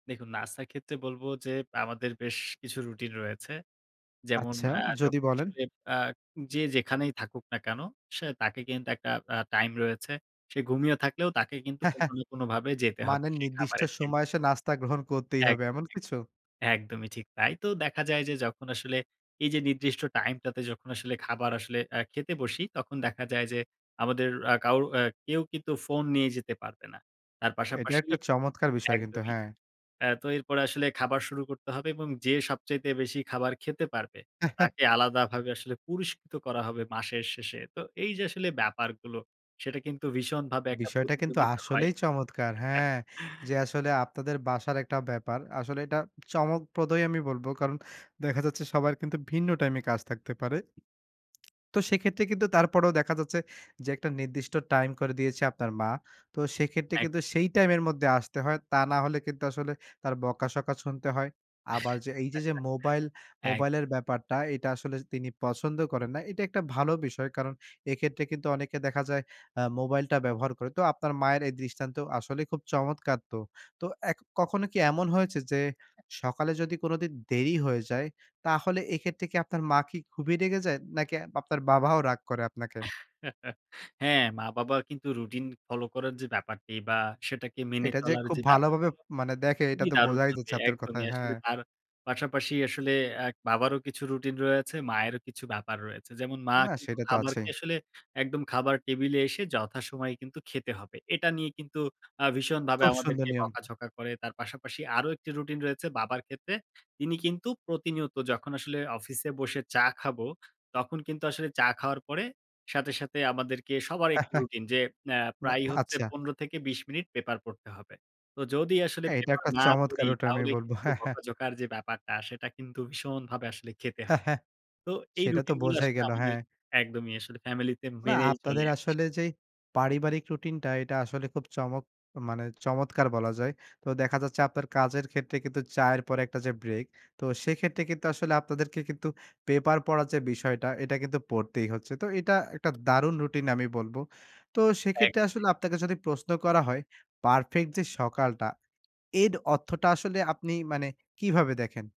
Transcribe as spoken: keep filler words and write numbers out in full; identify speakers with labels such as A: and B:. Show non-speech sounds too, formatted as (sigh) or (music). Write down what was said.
A: দেখুন, নাস্তার ক্ষেত্রে বলবো যে আমাদের বেশ কিছু রুটিন রয়েছে। যেমন:
B: আচ্ছা,
A: অ্যা
B: যদি
A: যখন
B: বলেন।
A: আসলে অ্যা যে যেখানেই থাকুক না কেন? সে তাকে কিন্তু একটা অ্যা টাইম রয়েছে। সে ঘুমিয়ে থাকলেও তাকে কিন্তু কোনো
B: (chuckles)
A: না কোনোভাবে যেতে
B: মানে
A: হবে সেই
B: নির্দিষ্ট
A: খাবারের
B: সময়
A: টেবিলে।
B: এসে নাস্তা গ্রহণ করতেই হবে,
A: একদমই,
B: এমন কিছু?
A: একদম। একদমই ঠিক তাই। তো দেখা যায় যে যখন আসলে এইযে নির্দিষ্ট টাইমটাতে যখন আসলে খাবার আসলে অ্যা খেতে বসি, তখন দেখা যায় যে আমাদের আর কাউ আ কেউ কিন্তু ফোন নিয়ে যেতে পারবে না। তার
B: এটা
A: পাশাপাশি
B: একটা চমৎকার বিষয় কিন্তু,
A: একদমই।
B: হ্যাঁ।
A: অ্যা তো এরপরে আসলে খাবার শুরু করতে হবে এবং যে সবচাইতে বেশি খাবার খেতে পারবে,
B: (chuckles)
A: তাকে আলাদাভাবে আসলে পুরস্কৃত করা হবে মাসের শেষে। তো এইযে আসলে ব্যাপারগুলো, সেটা কিন্তু ভীষণভাবে একটা
B: বিষয়টা কিন্তু
A: প্রতিযোগিতা হয়।
B: আসলেই চমৎকার। হ্যাঁ, যে আসলে আপনাদের বাসার একটা ব্যাপার। আসলে এটা চমকপ্রদই আমি বলবো। কারণ দেখা যাচ্ছে সবার কিন্তু ভিন্ন টাইমে কাজ থাকতে পারে। তো সেক্ষেত্রে কিন্তু তারপরেও দেখা যাচ্ছে, যে একটা নির্দিষ্ট টাইম করে দিয়েছে আপনার মা। তো সেক্ষেত্রে কিন্তু
A: একদম। হ্যাঁ।
B: সেই টাইমের মধ্যে আসতে হয়। তা না হলে কিন্তু আসলে তার বকাশকা শুনতে হয়। আবার এইযে
A: (chuckles)
B: যে মোবাইল
A: একদমই।
B: মোবাইলের ব্যাপারটা, এটা আসলে স তিনি পছন্দ করেন না। এটা একটা ভালো বিষয়। কারণ এক্ষেত্রে কিন্তু অনেকে দেখা যায় আ মোবাইলটা ব্যবহার করে। তো আপনার মায়ের এই দৃষ্টান্ত আসলেই খুব চমৎকার তো। তো এ কখনো কি এমন হয়েছে? যে সকালে যদি কোনদিন দেরি হয়ে যায়, তাহলে এক্ষেত্রে কি আপনার মা কি খুবই রেগে যায়? নাকি আপনার বাবাও রাগ করে আপনাকে
A: (chuckles) হ্যাঁ, মা-বাবা কিন্তু রুটিন ফলো করার যে ব্যাপারটি বা, সেটাকে মেনে
B: এটা যে
A: চলার
B: খুব
A: যে
B: ভালোভাবে
A: ব্যাপারগুলো,
B: মানে দেখে এটা
A: খুবই
B: তো বোঝাই
A: দারুণভাবে
B: যাচ্ছে আপনার
A: একদমই।
B: কথায়। হ্যাঁ।
A: আসলে তার পাশাপাশি আসলে এক বাবারও কিছু রুটিন রয়েছে, মায়েরও কিছু ব্যাপার রয়েছে। যেমন মা
B: না,
A: কিন্তু
B: সেটা তো
A: খাবারকে
B: আছেই।
A: আসলে একদম খাবার টেবিলে এসে যথাসময়ে কিন্তু খেতে হবে। এটা নিয়ে কিন্তু আ ভীষণভাবে
B: খুব সুন্দর
A: আমাদেরকে
B: নিয়ম।
A: বকাঝকা করে। তার পাশাপাশি আরও একটি রুটিন রয়েছে বাবার ক্ষেত্রে। তিনি কিন্তু প্রতিনিয়ত যখন আসলে অফিসে বসে চা খাবো, তখন কিন্তু আসলে চা খাওয়ার পরে সাথে, সাথে আমাদেরকে সবার একটা
B: (chuckles)
A: রুটিন যে আ
B: না,
A: প্রায় হচ্ছে
B: আচ্ছা।
A: পনেরো থেকে বিশ মিনিট পেপার পড়তে হবে। তো যদি আসলে
B: না, এটা
A: পেপার
B: একটা
A: না
B: চমৎকার
A: পড়ি,
B: ওটা আমি
A: তাহলে
B: বলবো।
A: কিন্তু
B: (chuckles)
A: বকাঝকার যে ব্যাপারটা, সেটা কিন্তু ভীষণভাবে আসলে খেতে হয়।
B: (chuckles)
A: তো এই
B: সেটা তো
A: রুটিনগুলো
B: বোঝাই
A: আসলে
B: গেল,
A: আমাদের
B: হ্যাঁ।
A: একদমই আসলে ফ্যামিলিতে
B: না,
A: মেনেই চলে
B: আপনাদের
A: সব
B: আসলে যেই পারিবারিক রুটিনটা, এটা আসলে খুব চমক মানে চমৎকার বলা যায়। তো দেখা যাচ্ছে আপনার কাজের ক্ষেত্রে কিন্তু চায়ের পরে একটা যে ব্রেক, তো সেক্ষেত্রে কিন্তু আসলে আপনাদেরকে কিন্তু পেপার পড়ার যে বিষয়টা, এটা কিন্তু পড়তেই হচ্ছে। তো এটা একটা দারুণ রুটিন আমি বলবো। তো সেক্ষেত্রে
A: একদমই।
B: আসলে আপনাকে যদি প্রশ্ন করা হয়, পারফেক্ট যে সকালটা, এর অর্থটা আসলে আপনি মানে কিভাবে দেখেন?